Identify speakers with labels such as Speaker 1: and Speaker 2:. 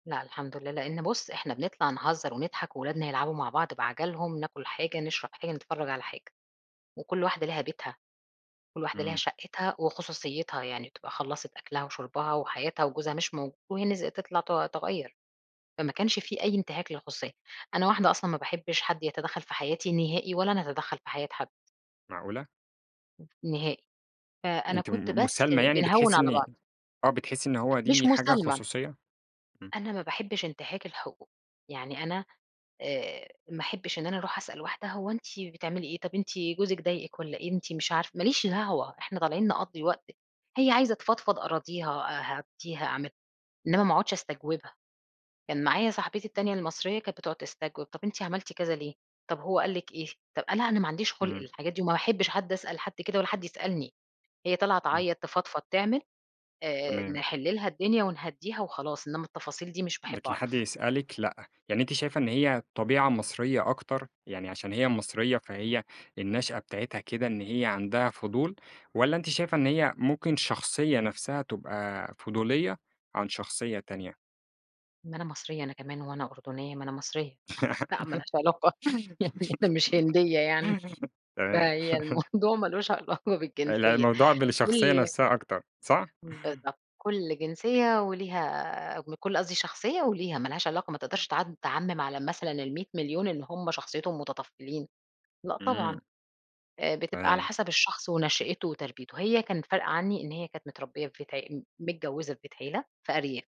Speaker 1: لأ الحمد لله، لإن بُصّ، إحنا بنطلَع نهزّر ونضحَك وأولادنا يلعبوا مع بعض بعجَلهم، ناكُل حاجة، نشرَب حاجة، نتفرّج على حاجة وكلّ واحدة ليها بيتها، كلّ وحدة ليها
Speaker 2: إمم.
Speaker 1: شقّتها وخصوصيتها، يعني تبقى خلّصِت أكْلها وشُربها وحياتها وجوزها مش موجود وهي نز تطلَع ت تغيّر. فما كانش في أي إنتهاك للخصوصية، أنا واحدة أصلًا ما باحبش حد يتدخّل في حياتي نهائي ولا أنا أتدخّل في حياة حد.
Speaker 2: معقولة!
Speaker 1: ن نهائي، فأنا
Speaker 2: أنتِ
Speaker 1: كنت
Speaker 2: م
Speaker 1: بس
Speaker 2: مسالمة يعني
Speaker 1: بنهوّن
Speaker 2: بتحسّي
Speaker 1: على بعْض.
Speaker 2: إني آه، بتحسِي إن هو
Speaker 1: مش
Speaker 2: دي حاجة
Speaker 1: مسالمة.
Speaker 2: خصوصية، إمم.
Speaker 1: أنا ما باحبش إنتهاك الحقوق، يعني أنا آآ ما أحبّش إن أنا أرُوح أسأل واحدة هو أنتِ بتعملي إيه؟ طَب أنتِ جوزِك ضايقِك والّا إيه؟ أنتِ مش عارف ما ليش دعوة، إحنا طالعين نقضّي وقت، هي عايزة تفضفض ،أراضيها، أهدّيها، أعمل، إنما ما اقعُدش أستجوبها، كان معايا صاحبتي التانية المصرية كانت بتقعد تستجوب، طَب أنتِ عملتِ كذا ليه؟ طَب هو قال لِك إيه؟ طَب أنا أنا ما عنديش خُلْق
Speaker 2: إمم.
Speaker 1: للحاجات دي وما باحبش حد أسأل حد كده ولا حد يسألني، هي طالعه
Speaker 2: إمم.
Speaker 1: تعيّط، تفضفض، تعمل آآ،
Speaker 2: تمام.
Speaker 1: نحلّ لها الدنيا ونهدّيها وخلاص إنما التفاصيل دي مش باحب
Speaker 2: لكن حد
Speaker 1: أعرَف.
Speaker 2: يسألِك لأ، يعني أنتِ شايفة إن هي طبيعة مصرية أكتر يعني عشان هي مصرية فهي النشأة بتاعتها كده، إن هي عَندها فضول واّلا أنتِ شايفة إن
Speaker 1: لأ.
Speaker 2: هي ممكن شخصية نفْسها تبقى فضولية عن شخصية تانية؟
Speaker 1: ما أنا مصرية أنا كمان هو أنا أردنيّة، ما أنا مصرية لأ، ما لهاش علاقة يعني أنا مش هندية يعني.
Speaker 2: تمام
Speaker 1: فهي الموضوع ما لوش علاقة
Speaker 2: آآ لأ
Speaker 1: بالجنسية
Speaker 2: الموضوع بالشخصية
Speaker 1: كل
Speaker 2: نفْسها أكتر، صح؟
Speaker 1: بالضبط، كلّ جنسية وليها من كلّ قصْدي شخصية وليها ما لهاش علاقة، ما تقدَرش تع تعمّم على مثلًا ال100.000.000 إن هُم شخصيتهم متطفّلين، لأ طبعًا
Speaker 2: إمم.
Speaker 1: آآ، بتبقى على
Speaker 2: تمام.
Speaker 1: حسب الشخص ونشأته وتربيته، هي كانت فارقة عني إن هي كانت متربية في بيت عي متجوّزة في بيت عيلة في أرياف.